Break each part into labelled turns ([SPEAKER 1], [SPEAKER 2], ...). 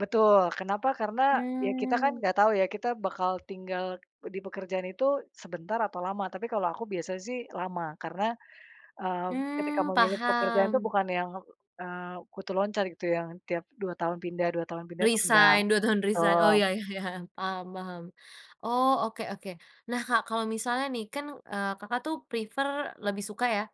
[SPEAKER 1] Betul. Kenapa, karena, ya kita kan
[SPEAKER 2] Mmm.
[SPEAKER 1] nggak tahu ya kita bakal tinggal di pekerjaan itu, sebentar atau lama. Tapi kalau aku biasa sih, lama, karena, eee, ketika
[SPEAKER 2] Mmm
[SPEAKER 1] memilih pekerjaan itu
[SPEAKER 2] paham.
[SPEAKER 1] bukan yang, eee, kutu loncat gitu ya, tiap dua tahun pindah dua tahun pindah, itu nggak.
[SPEAKER 2] Resign, 2 tahun resign.
[SPEAKER 1] Betul.
[SPEAKER 2] Oh iya iya, paham paham, oh oke oke. Nah Kak kalo misalnya nih, kan, eee, Kakak tuh prefer, lebih suka ya,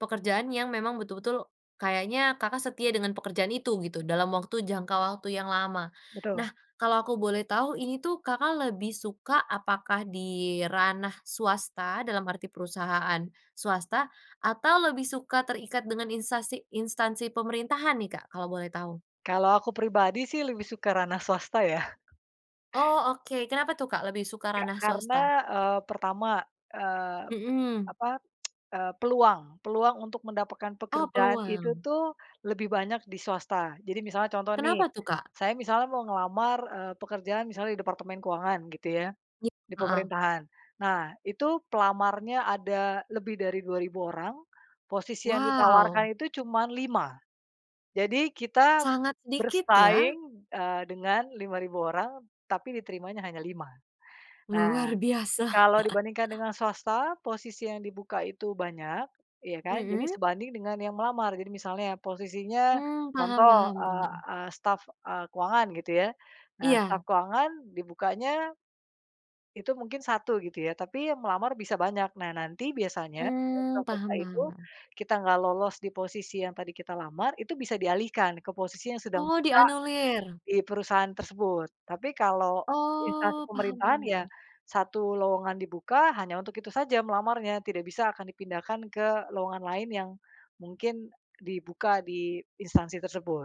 [SPEAKER 2] pekerjaan yang memang betul-betul, kayaknya Kakak setia dengan pekerjaan itu, gitu, dalam waktu jangka waktu yang lama.
[SPEAKER 1] Betul.
[SPEAKER 2] Nah, kalau aku boleh tahu, ini tuh Kakak lebih suka apakah di ranah swasta dalam arti perusahaan swasta, atau lebih suka terikat dengan instsasi instansi pemerintahan nih Kak kalau boleh tahu?
[SPEAKER 1] Kalau aku pribadi sih lebih suka ranah swasta ya.
[SPEAKER 2] Oh oke, kenapa tuh Kak lebih suka
[SPEAKER 1] Ya,
[SPEAKER 2] ranah
[SPEAKER 1] karena,
[SPEAKER 2] swasta?
[SPEAKER 1] eee, pertama, eee,
[SPEAKER 2] Mhm.
[SPEAKER 1] apa, peluang peluang untuk mendapatkan
[SPEAKER 2] Oh
[SPEAKER 1] pekerjaan itu
[SPEAKER 2] peluang.
[SPEAKER 1] tuh, lebih banyak di swasta. Jadi misalnya contoh nih,
[SPEAKER 2] Kenapa tuh Kak?
[SPEAKER 1] saya misalnya mau ngelamar, eee, pekerjaan misalnya di departemen keuangan gitu ya,
[SPEAKER 2] I
[SPEAKER 1] di
[SPEAKER 2] heeh.
[SPEAKER 1] pemerintahan. Nah, itu pelamarnya ada lebih dari 2.000 orang, posisi yang
[SPEAKER 2] Waw.
[SPEAKER 1] ditawarkan itu cuma 5. Jadi kita
[SPEAKER 2] Sangat dikit ya.
[SPEAKER 1] bersaing, eee, dengan 5.000 orang tapi diterimanya hanya 5. Nah,
[SPEAKER 2] Luar biasa.
[SPEAKER 1] kalau dibandingkan dengan swasta, posisi yang dibuka itu banyak, ya kan, jadi
[SPEAKER 2] Mhm.
[SPEAKER 1] sebanding dengan yang melamar. Jadi misalnya, posisinya,
[SPEAKER 2] Mmm paham
[SPEAKER 1] contoh,
[SPEAKER 2] paham
[SPEAKER 1] eee,
[SPEAKER 2] bun
[SPEAKER 1] ah, staf, e keuangan gitu ya. Nah staf
[SPEAKER 2] Iya.
[SPEAKER 1] keuangan dibukanya itu mungkin 1 gitu ya, tapi yang melamar bisa banyak. Nah nanti biasanya,
[SPEAKER 2] Mmm,
[SPEAKER 1] [unintelligible]
[SPEAKER 2] paham
[SPEAKER 1] itu,
[SPEAKER 2] paham paham.
[SPEAKER 1] kita nggak lolos di posisi yang tadi kita lamar, itu bisa dialihkan, ke posisi yang sedang
[SPEAKER 2] Oh,
[SPEAKER 1] buka
[SPEAKER 2] dianulir.
[SPEAKER 1] di perusahaan tersebut. Tapi kalau, instansi
[SPEAKER 2] Oh, paham
[SPEAKER 1] pemerintahan
[SPEAKER 2] paham
[SPEAKER 1] ya,
[SPEAKER 2] paham.
[SPEAKER 1] 1 lowongan dibuka hanya untuk itu saja melamarnya, tidak bisa akan dipindahkan ke lowongan lain yang mungkin dibuka di instansi tersebut.